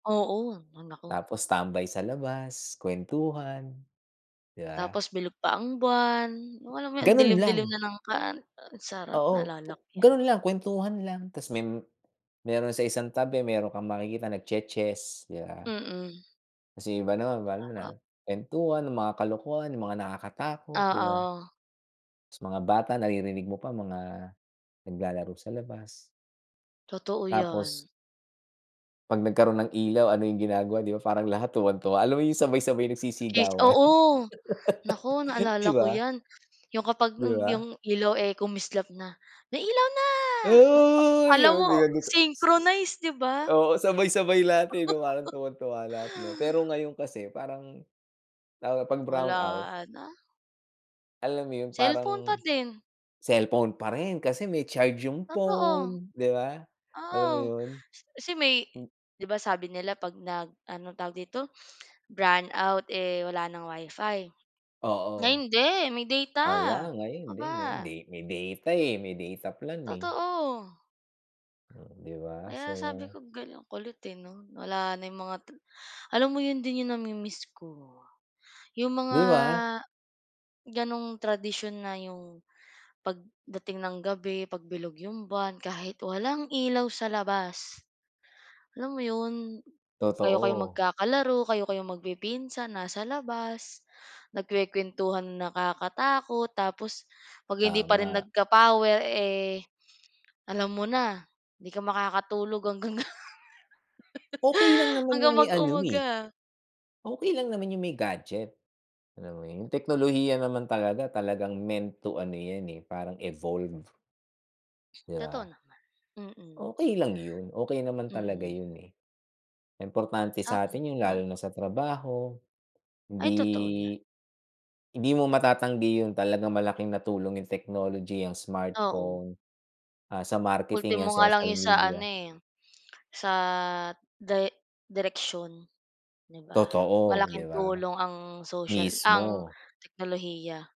Oo, hay naku. Tapos tambay sa labas, kuwentuhan, 'di ba? Tapos bilog pa ang buwan. Yung alam mo yun, ang Ganun dilim-dilim lang. na ng kan ah, ang sarap Oo pu naalala ko yan. ganun lang, kuwentuhan lang tas me meron sa isang tabi meron kang makikita nagche-chess, 'di ba? Mm. Tas yung iba naman, ma alam mo na, Sarap. kuwentuhan ng mga kalokohan, yung mga nakakatakot, 'di ba? Oo. Tas mga bata naririnig mo pa, mga naglalaro sa labas. Totoo Tapos yan. 'pag nagkaroon ng ilaw, ano yung ginagawa 'di ba, parang lahat tuwang-tuwa. Alam mo yung sabay-sabay At least, nagsisigawan, oo. Naku, naalala 'di ko ba? yan, yung kapag yu 'Di yung ba? ilaw, eh, kumislap na. May ilaw na! Oh, Uy! alam mo, 'Di ba [unintelligible] synchronize 'di ba? oo, sabay-sabay lahat, eh, 'no, parang tuwang-tuwa lahat 'no? Pero ngayon kasi parang lalo na 'pag brown out Wala na. alam mo yun Cellphone pa parang din. cellphone pa rin kasi may charge yung Totoo. phone, 'di ba? Alam mo Oo, yun? si si may Hmm. 'di ba sabi nila, 'pag nag ano tawag dito, brown out eh, wala ng Wi-Fi? Ay Oo. hindi, may data. Wala 'No ngayon ka de ba? hindi hindi, me may data, eh, may data plan, eh. Totoo. Hmm, 'di ba? Kaya sabi So. ko, ga kulit eh 'no wala na yung mga alam mo yun din yung nami-miss ko. Yung mga 'Di ba? ganung tradisyon na yung pagdating ng gabi, 'pag bilog yung buwan kahit walang ilaw sa labas, alam mo yun, kayo kayo Totoo. magkakalaro, kayo kayo magpipinsan nasa labas. Nagkukuwentuhan ng nakakatakot, tapos 'pag hindi pa rin Tama. nagka-power, eh, alam mo na, 'di ka makakatulog hanggang Okey lang naman hanggang yung may ano, eh, mag-umaga. okey lang naman yung may gadget. Alam mo yun, yung teknolohiya naman talaga, talagang meant to ano yan, eh, parang evolve. 'Di Totoo ba? naman. Mm. Okey lang yun. Okey naman talaga Mm. yun, eh. Importante Sa'kin, sa'tin yun oo. lalo na sa trabaho. Ay totoo yan. Hindi hindi mo matatanggi yun, talagang malaking natulong yung technology, yang Oo. smartphone, ah, sa marketing, yan Ultimo nga lang social yung sa ano media. eh, sa day direksion 'di ba? Totoo. 'Di Malaking ba? tulong ang social ang Mismo. teknolohiya.